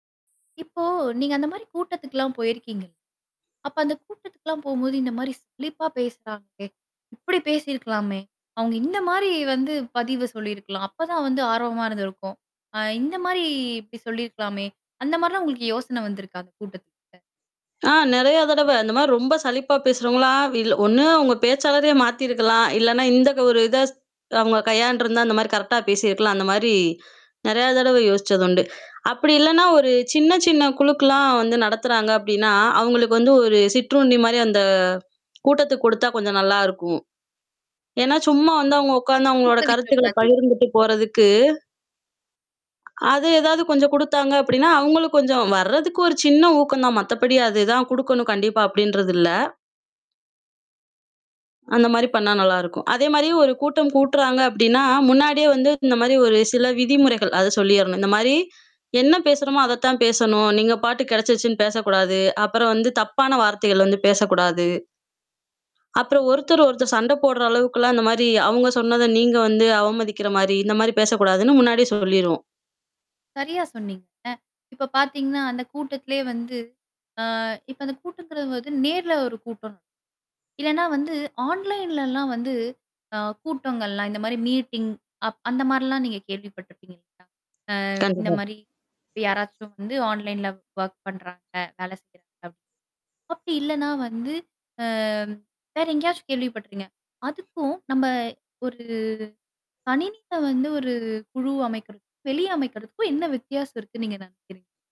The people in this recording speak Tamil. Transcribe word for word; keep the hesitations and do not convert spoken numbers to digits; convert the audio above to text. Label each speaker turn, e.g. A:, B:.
A: இப்போ நீங்க அந்த மாதிரி கூட்டத்துக்குலாம் போயிருக்கீங்க. அப்போ அந்த கூட்டத்துக்குலாம் போகும்போது இந்த மாதிரி சலிப்பா பேசுறாங்களே, இப்டி பேசியிருக்கலாமே. அவங்க இந்த மாதிரி வந்து பதிவு சொல்லியிருக்கலாம். அப்போதான் வந்து ஆர்வமா இருந்திருக்கும். ஆ இந்த மாரி இப்படி சொல்லியிருக்கலாமே, அந்த மாரிலாம் உங்களுக்கு யோசனை வந்திருக்கா அந்த கூட்டத்துக்கு?
B: ஆ நிறைய தடவ. அந்த மாரி ரொம்ப சலிப்பா பேசுறவங்களலாம், இல்ல ஒண்ணு அவங்க பேச்சாளரையே மாத்தியிருக்கலாம். இல்லன்னா இந்த ஒரு இத அவங்க கையாண்டிருந்தா இந்த மாதிரி கரெக்ட்டா பேசியிருக்கலாம். அந்த மாதிரி நிறைய தடவ யோசிச்சது உண்டு. அப்படி இல்லன்னா ஒரு சின்ன, சின்ன குழுக்கெல்லாம் வந்து நடத்துறாங்க அப்படின்னா அவங்களுக்கு வந்து ஒரு சிற்றுண்டி மாதிரி அந்த கூட்டத்துக்கு குடுத்தா கொஞ்சம் நல்லாயிருக்கும். ஏன்னா சும்மா வந்து அவங்க உட்கார்ந்து அவங்களோட
A: தூக்கவிக்கிற
B: கருத்துக்கள்ல
A: மாதிரி.
B: பகிர்ந்துட்டு போறதுக்கு அது ஏதாவது கொஞ்சம் குடுத்தாங்க அப்டின்னா, அவங்களும் கொஞ்சம் வர்றதுக்கு ஒரு சின்ன ஊக்கம் தான். மத்தபடி அது தான் குடுக்கணும் கண்டிப்பா அப்டின்றது இல்ல. அந்த மாதிரி பண்ணா நல்லா இருக்கும். அதே மாரி ஒரு கூட்டம் கூட்றாங்க அப்படின்னா, முன்னாடியே வந்து இந்த மாதிரி ஒரு சில விதிமுறைகள் அத சொல்லிறணும். இந்த மாதிரி என்ன பேசுகிறோமோ அத தான் பேசணும். நீங்க பாட்டுக்கு கிடைச்சின்னு பேசக்கூடாது. அப்புறம் வந்து தப்பான வார்த்தைகள் பேசக்கூடாது. அப்புறம் ஒருத்தர் ஒருத்தர் சண்ட போட்ற அளவுக்கு எல்லாம் இந்த மாதிரி, அவங்க சொன்னத நீங்க வந்து அவமதிக்கிற மாதிரி இந்த மாதிரி பேசக்கூடாதுன்னு முன்னாடியே சொல்லிருவோம்.
A: சரியா சொன்னீங்க. இப்ப பாத்தீங்கன்னா அந்த கூட்டத்திலேயே வந்து, ஆ இப்ப அந்த கூட்டம் நேர்ல ஒரு கூட்டம். இல்லன்னா வந்து ஆன்லைன்லலாம் வந்து, ஆ கூட்டங்கள்லாம் இந்த மாதிரி மீட்டிங், அப் அந்த மாதிரிலாம் நீங்க கேள்விப்பட்டிருப்பீங்க இல்லயா? [unintelligible] அ. இந்த
B: கண்டிப்பா.
A: மாரி யாராச்சும் வந்து ஆன்லைன்ல வொர்க் பண்றாங்க, வேலை செய்றாங்க. அப்படி இல்லன்னா வந்து, ஆ வேற எங்கேயாச்சும் கேள்வி பட்டுறீங்க. அதுக்கும் நம்ம ஒரு கணினியில வந்து ஒரு குழு அமைக்கறதுக்கும், வெளிய அமைக்கிறதுக்கும் என்ன வித்தியாசம் இருக்குன்னு நீங்க நினைக்கிறீங்க?